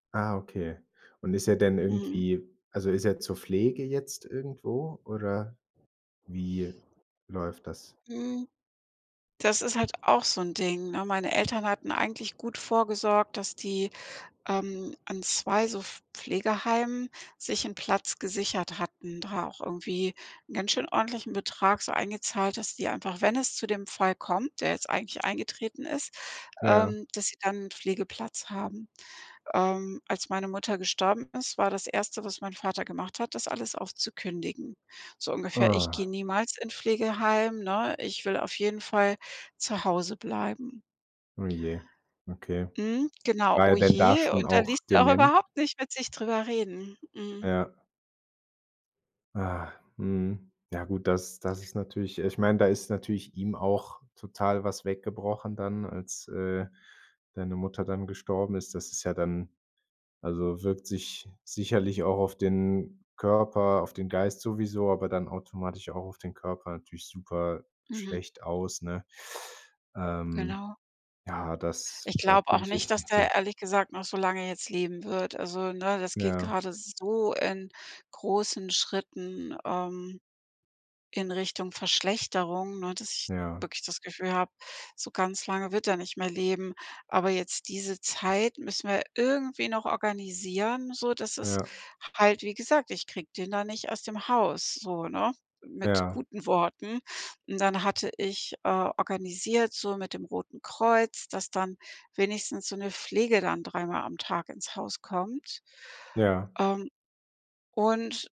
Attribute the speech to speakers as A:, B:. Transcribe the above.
A: Ah, okay, und ist er denn
B: Mhm.
A: irgendwie also, ist er zur Pflege jetzt irgendwo oder wie läuft das?
B: Hm, das ist halt auch so 'n Ding, ne, meine Eltern hatten eigentlich gut vorgesorgt, dass die, ähm, an 2 so Pf Pflegeheimen sich 'n Platz gesichert hatten, da auch irgendwie 'n ganz schön ordentlichen Betrag so eingezahlt, dass die einfach, wenn es zu dem Fall kommt, der jetzt eigentlich eingetreten ist,
A: Ja.
B: ähm, dass sie dann ’n Pflegeplatz haben. Ähm, als meine Mutter gestorben ist, war das 1. was mein Vater gemacht hat, das alles aufzukündigen. So ungefähr: „Ich gehe
A: Ah.
B: niemals in Pflegeheim, ne, ich will auf jeden Fall zu Hause bleiben.“
A: Oh je. Okay.
B: Mhm, genau,
A: War
B: oh
A: er denn da
B: je
A: schon
B: und da
A: auch
B: ließ der auch
A: dement?
B: überhaupt nicht mit sich drüber reden. Mhm.
A: Ja. Ah, mhm. Ja gut, das das ist natürlich ich meine, da ist natürlich ihm auch total was weggebrochen dann, als, äh, deine Mutter dann gestorben ist, das ist ja dann also, wirkt sich sicherlich auch auf den Körper, auf den Geist sowieso, aber dann automatisch auch auf den Körper natürlich super
B: Mhm.
A: schlecht aus, ne? Ähm,
B: Genau.
A: ja, dass
B: Ich
A: da
B: glaube
A: fühle
B: auch
A: ich
B: nicht,
A: echt
B: dass
A: mit dir.
B: der ehrlich gesagt noch so lange jetzt leben wird. Also, ne, das geht
A: Ja.
B: gerade so in großen Schritten, ähm, in Richtung Verschlechterung, ne, dass ich
A: Ja.
B: wirklich das Gefühl habe, so ganz lange wird er nicht mehr leben. Aber jetzt diese Zeit müssen wir irgendwie noch organisieren, sodass es
A: Ja.
B: halt wie gesagt, ich kriege den da nicht aus dem Haus so, ne, mit
A: Ja.
B: guten Worten und dann hatte ich, äh, organisiert so mit dem Roten Kreuz, dass dann wenigstens so 'ne Pflege dann dreimal am Tag ins Haus kommt,
A: Ja.
B: ähm, und